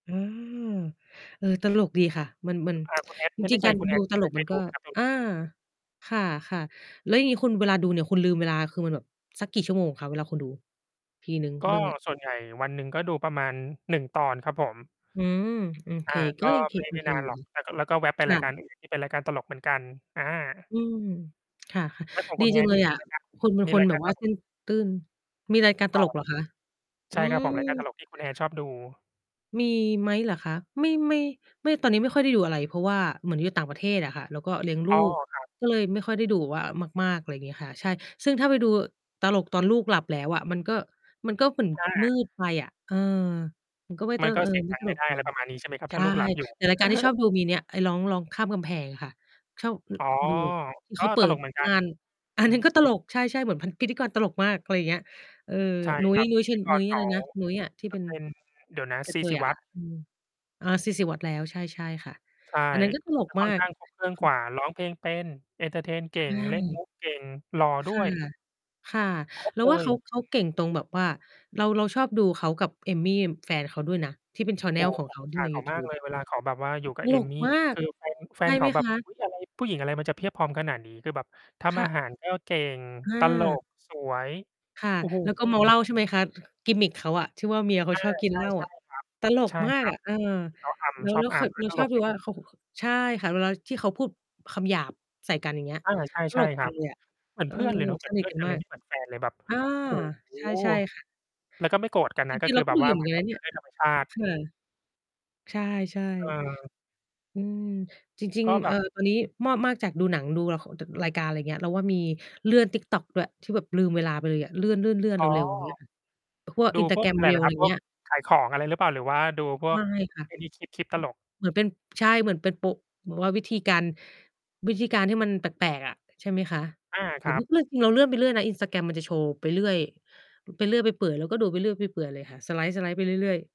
อา เออ ตลกดีค่ะ มัน มัน อา คุณ Hat จไม่รแินง ่ใๆ กจาร คุณ ดู Hat ตเคลย กเคมันยดก็ ูไหมครับ? ตรงอา นี้ ค่ะ ๆ แล้วอย่างงี้ คุณเวลาดูเนี่ย คุณลืมเวลาคือมันแบบสักกี่ชั่วโมงคะ? เวลาคุณดู ทีหนึ่งกเ็รื่องเนี้ย ส่วนใหญ่วันหนึ่ง ก็ดูประมาณ 1 ตอนครับผม อืม ๆ เค อา กก็็ยังเค ไม่ โอไม่เคนาอนยู่หรอก นะ แล้วก็ แล้วก็แว๊บไปคร่ายการ ะ อื่น ที่ เป็นรายการตลกเหมือนกัน อา อืม ค่ะ แล้วของดคีุณ จังHat เลนี่ ยมี อะ รายการ คุณเป็นมีคนราย แบกาบ รว่ตาเลสก ้น ตื้น มีรายการตอา ลกเหรอคะ? ใอชื่ครับม ผม รายการตลกที่คุณ Hat ชอบดู มีไหมเหรอคะ? ไม่ ไม่ ไม่ ตอนนี้ไม่ค่อยได้ดูอะไร เพราะว่าเหมือนอยู่ต่างประเทศอะค่ะ แล้วก็เลี้ยงลอู๋อ ก ครับ ก็เลยไม่ค่อยได้ดูแบบว่ามาก ๆ ไรอย่างเงี้ยค่ะ ใช่ ซึ่งถ้าไปดูตลกตอนลูกหลับแล้วอะ มันก็ มันก็เหมือนอมืา ดไปอะ เออ มันก็ไม่เตม้ันอ ก็เออ เสียงไม่ดัตงไมล่ก ได้ อือะไรม ประมาณนี้ ใช่ไหมครับ ใชถ้า่ ลูกหลับ อยู่ แต่รายการที่ชอบดูมีเนี่ย ไอ้ร้อง ร้องข้ามกำแพงอะค่ะ ชอบ อ อ๋อ ดูแบบ ที่กเ็ขาเปิตลดกเหมือนกัมน ่าน ออัืนนอ ั้นก็ตลก ใช่ ๆ เหมือนพัน พิธีกรตลกมาก ไรอย่างเงี้ย เออ ใช่นุ้คย รับ นุ้ยพเิชิธี ญ กนุร้ยเอขะไรา นะ? นุ้ยอะ ที่จเะป็น เป็น เดี๋ยวนะ กซะเี ทศยิอวะัคฒ่ะ น์ อืม อา ซี ศิวัฒน์ แล้ว ใช่ ๆ ค่ะ ใช่ อันนั้นก็ตลกจะคม่าอนก ข้างครบ เครื่องค่กว่ะ า ร้องเพลงเป็น เอนเทอร์เทน เใกช่่ ง เล่น มุก เก่ง หล่อคด้่วย ะ ค่ะ ครบ เราเลว่าเย ขา เขาเก่งตรงแบบว่า เรา เราชอบดูเขากับเอมี่แฟนเขาด้วยนะ ที่เป็น แชนเโนอ้ล โฮ ของผเขมาอิจทีฉ่า ในเขยาูทมาูกบเลย อะ เวลาเขาแบบว่าอยู่กตับเอลกมี่ มาคก ือ แฟน แฟใช่นเขไหมาแบคบ ะ อุ๊ย อะไร ผู้หญิงอะไรมันจะเพียบพร้อมขนาดนี้ คือแบบทคำ่อาะ หารก็เก่ง ตลอา ก สวย ค่ะ โอ้ โฮ แล้วก็เมาเหล้า ใช่ไหมคะ กิมมิก เขาอะ ที่ว่าเมียเขาอา ชอบกินใชเ่ หล้าๆ คอะ รัตบ ลกใช่ มาคกรัอบ ะ เออ เขาอแล้ำ ว ชอแล้บว อค่ะ ำ กเ็ราตชลอบกดูอยู่ ว่าเขา เขา ใช่ค่ะ เวลาที่เขาพูดคำหยาบใส่กัน อย่างเงี้ย อา ตใชล่ ก ๆ จครัับ งเลยอะ เหมือนเออ เพื่อนเลยเนาะ เหมืสอนนเพิทื่อกนันกันเมลาย ก ไม่เหมือนแฟน เลยแบบ อา โอ้โฮ ใช่ ๆ ค่ะ แล้วก็ไม่โกรธกันจนระ ก็ิง คๆ เืราอกแ็บดบูวเ่ยา อะเเหหมืมอืนอกนันแบนบะเเปน็ี่นย เรื่องธรรม ชาติ ค่ะ ใช่ เออ ๆ อืม จริง ก็ๆ แเบอ่อ บ ตอนนี้มอบ มาก จากดูหนัง ดูละคร จ รายการ ไรอย่างเงี้ย เราว่ามีเลื่อน TikTok ด้วย ที่แบบลืมเวลาไปเลยอะ เลื่อน ๆ ๆ อ๋อ เร็ว ๆ อย่างเงี้ยค่ะ พวก ดูพวก Instagram อะไรเหรอ Reels คไรรับ? พเวงีก้ย ขายของอะไรหรือเปล่า หรือว่าดูพวไมก ่ค่ะ ไอ้นี่ คลิป คลิป ตลก เหมือนเป็น ใช่ เหมือนเป็นโป เหมือนว่าวิธีการ วิธีการที่มันแปลก ๆ อะ ใช่ไหมคะ อา หครืรอัว่บ าเลื่อน คือเราเลื่อนไปเรื่อยนะ Instagram มันจะโชว์ไปเรื่อย ไปเรื่อยไปเปื่อย เราก็ดูไปเรื่อยไปเปื่อยเลยค่ะ สไลด์ ๆ ไปเรื่อย ๆ